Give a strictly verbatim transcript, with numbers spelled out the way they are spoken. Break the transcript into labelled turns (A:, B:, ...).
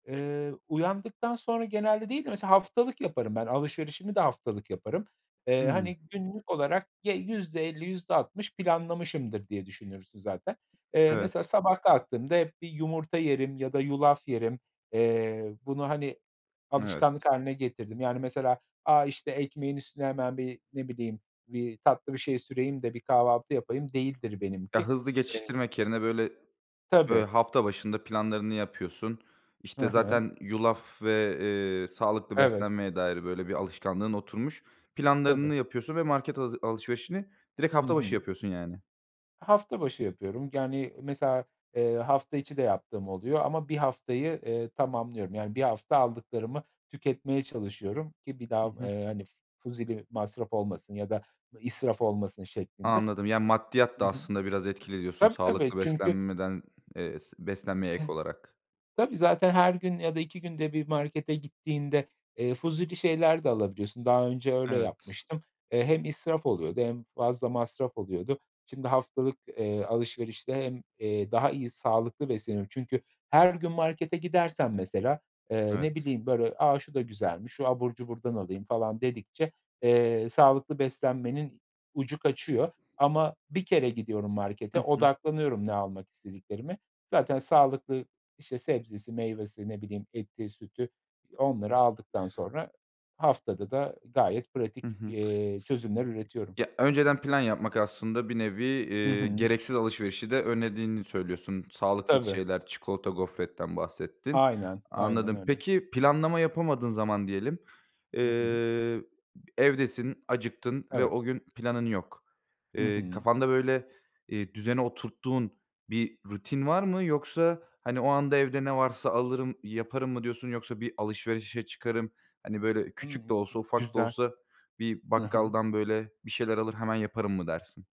A: Eee, uyandıktan sonra genelde değil de mesela haftalık yaparım ben alışverişimi de haftalık yaparım. Eee,
B: Hımm.
A: hani, günlük olarak ge yüzde elli yüzde altmış planlamışımdır diye düşünürsün zaten. Eee, mesela
B: Evet.
A: sabah kalktığımda hep bir yumurta yerim ya da yulaf yerim, eee, bunu, hani,
B: Evet.
A: alışkanlık hâline getirdim. Yani mesela, a, işte ekmeğin üstüne hemen bir ne bileyim bir tatlı bir şey süreyim de bir kahvaltı yapayım değildir benimki.
B: Ya hızlı
A: Eee
B: geçiştirmek yerine böyle, böyle
A: Tabii.
B: hafta başında planlarını yapıyorsun.
A: Ha
B: İşte
A: ha.
B: zaten yulaf ve, eee, sağlıklı
A: Evet.
B: beslenmeye dair böyle bir alışkanlığın oturmuş.
A: Tabii.
B: Planlarını yapıyorsun ve market hazı alışverişini direkt
A: Hı
B: hafta başı
A: hı.
B: yapıyorsun yani.
A: Hafta başı yapıyorum yani mesela, eee, hafta içi de yaptığım oluyor ama bir haftayı, eee, tamamlıyorum yani bir hafta aldıklarımı tüketmeye çalışıyorum ki bir
B: Hı
A: daha,
B: hı.
A: eee, hani, f fuzuli masraf olmasın ya da, iii, israf olmasın şeklinde.
B: Anladım. Yani maddiyat
A: Hı
B: da
A: hı.
B: aslında biraz etkili diyorsun
A: Tabii tabii
B: sağlıklı
A: çünkü
B: beslenmeden, eee s beslenmeye ek
A: İii,
B: olarak.
A: tabii zaten her gün ya da iki günde bir markete gittiğinde, eee, fuzuli şeyler de alabiliyorsun. Daha önce öyle
B: Evet.
A: yapmıştım. Eee, hem israf oluyordu hem fazla masraf oluyordu. Şimdi haftalık, eee, alışverişte hem, eee, daha iyi sağlıklı besleniyorum. Çünkü her gün markete gidersem mesela, eee, ne
B: Evet.
A: bileyim, böyle: "A, şu da güzelmiş, şu abur cuburdan alayım." falan dedikçe, eee, sağlıklı beslenmenin ucu kaçıyor ama bir kere gidiyorum markete
B: Hı hı.
A: odaklanıyorum ne almak istediklerime. Zaten sağlıklı, işte, sebzesi, meyvesi ne bileyim eti, sütü, eee, onları aldıktan sonra haftada da gayet pratik,
B: Hı hı.
A: eee,
B: S
A: çözümler üretiyorum.
B: ya, önceden plan yapmak aslında bir nevi,
A: Hı
B: eee,
A: hı.
B: gereksiz alışverişi de önlediğini söylüyorsun. Sağlıksız
A: Tabii.
B: şeyler, çikolata, gofretten bahsettin.
A: Aynen, aynen
B: Anladım.
A: öyle.
B: Peki planlama yapamadığın zaman diyelim,
A: Hı hı.
B: eee, b evdesin, acıktın ve
A: Evet.
B: o gün planın yok.
A: Hı
B: Eee,
A: hı.
B: kafanda böyle, eee, düzene oturttuğun bir rutin var mı? Yoksa, hani, o anda evde ne varsa alırım, yaparım mı diyorsun? Yoksa bir alışverişe çıkarım, hani, böyle küçük de
A: Hımm.
B: olsa ufak da
A: Güzel.
B: olsa bir
A: Hı hı.
B: bakkaldan böyle bir şeyler alır, hemen yaparım mı dersin?